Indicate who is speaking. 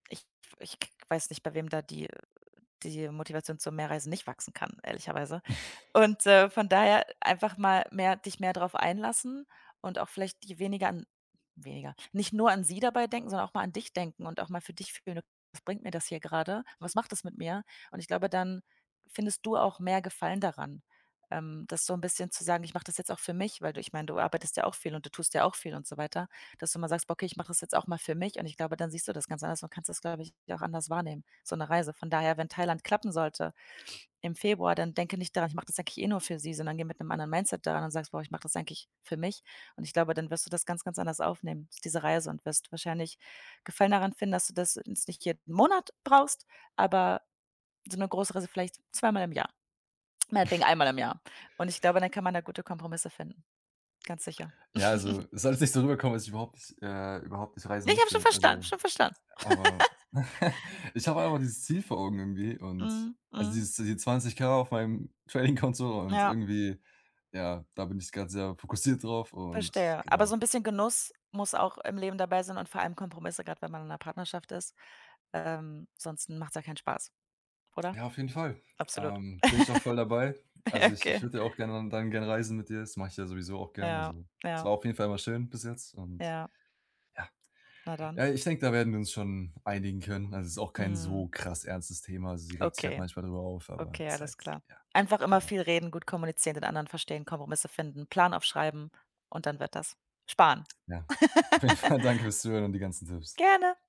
Speaker 1: Ich ich k weiß nicht, bei wem da die äh, die Motivation zum Mehr-Reisen nicht wachsen kann, ehrlicherweise und, äh, von daher einfach mal mehr dich mehr drauf einlassen und auch vielleicht dir weniger an weniger nicht nur an sie dabei denken, sondern auch mal an dich denken und auch mal für dich fühlen: „Was bringt mir das hier grade? Was macht das mit mir?” und ich glaube, dann findest du auch mehr Gefallen daran, ähm, das so 'n bisschen zu sagen: „Ich mache das jetzt auch für mich”, weil du ich meine, du arbeitest ja auch viel und du tust ja auch viel und so weiter, dass du mal sagst: „Boah, okay, ich mache das jetzt auch mal für mich“ und ich glaube, dann siehst du das ganz anders und kannst das, glaube ich, ja auch anders wahrnehmen, so 'ne Reise. Von daher, wenn Thailand klappen sollte im Februar, dann denke nicht daran: „Ich mache das eigentlich eh nur für sie“, sondern gehe mit anderen Mindset daran und sage: „Boah, ich mache das eigentlich für mich.“ und ich glaube, dann wirst du das ganz, ganz anders aufnehmen, diese Reise, und wirst wahrscheinlich Gefallen daran finden, dass du das jetzt nicht jeden Monat brauchst, aber so 'ne Großreise vielleicht zweimal im Jahr, meinetwegen einmal im Jahr, und ich glaube, dann kann man da gute Kompromisse finden, ganz sicher.
Speaker 2: Ja, also es soll jetzt nicht so rüberkommen, dass ich überhaupt nicht äh, überhaupt nicht
Speaker 1: Ne,
Speaker 2: reisen
Speaker 1: ich habe es schon
Speaker 2: möchte,
Speaker 1: verstanden,
Speaker 2: also,
Speaker 1: schon verstanden.
Speaker 2: aber ich habe einfach dieses Ziel vor Augen irgendwie und
Speaker 1: Mhm,
Speaker 2: also
Speaker 1: mhm.
Speaker 2: dieses so die 20.000 auf meinem Tradingkonto und
Speaker 1: Ja,
Speaker 2: irgendwie, ja, da bin ich grad sehr fokussiert drauf und
Speaker 1: Verstehe. Aber so
Speaker 2: genau.
Speaker 1: 'n bisschen Genuss muss auch im Leben dabei sein und vor allem Kompromisse, grad wenn man in 'ner Partnerschaft ist. Ähm, ansonsten macht's ja keinen Spaß, oder?
Speaker 2: Ja, auf jeden Fall,
Speaker 1: Absolut.
Speaker 2: ähm, bin ich auch voll dabei, also, ich ich
Speaker 1: Okay.
Speaker 2: würde ja auch gerne dann gerne reisen mit ihr, das mach ich ja sowieso auch gern,
Speaker 1: Ja,
Speaker 2: also, es
Speaker 1: ja,
Speaker 2: war auf jeden Fall immer schön bis jetzt und
Speaker 1: Ja.
Speaker 2: ja,
Speaker 1: Na dann.
Speaker 2: ja, ich denke, da werden wir uns schon einigen können, also, es ist auch kein so
Speaker 1: Mhm.
Speaker 2: krass ernstes Thema. Sie regt sich halt
Speaker 1: Okay,
Speaker 2: manchmal darüber auf, aber
Speaker 1: okay,
Speaker 2: ist halt
Speaker 1: alles klar.
Speaker 2: ja,
Speaker 1: Einfach immer
Speaker 2: genau.
Speaker 1: viel reden, gut kommunizieren, den anderen verstehen, Kompromisse finden, Plan aufschreiben und dann wird das Sparen.
Speaker 2: Ja, auf jeden Fall danke fürs Zuhören und die ganzen Tipps.
Speaker 1: Gerne.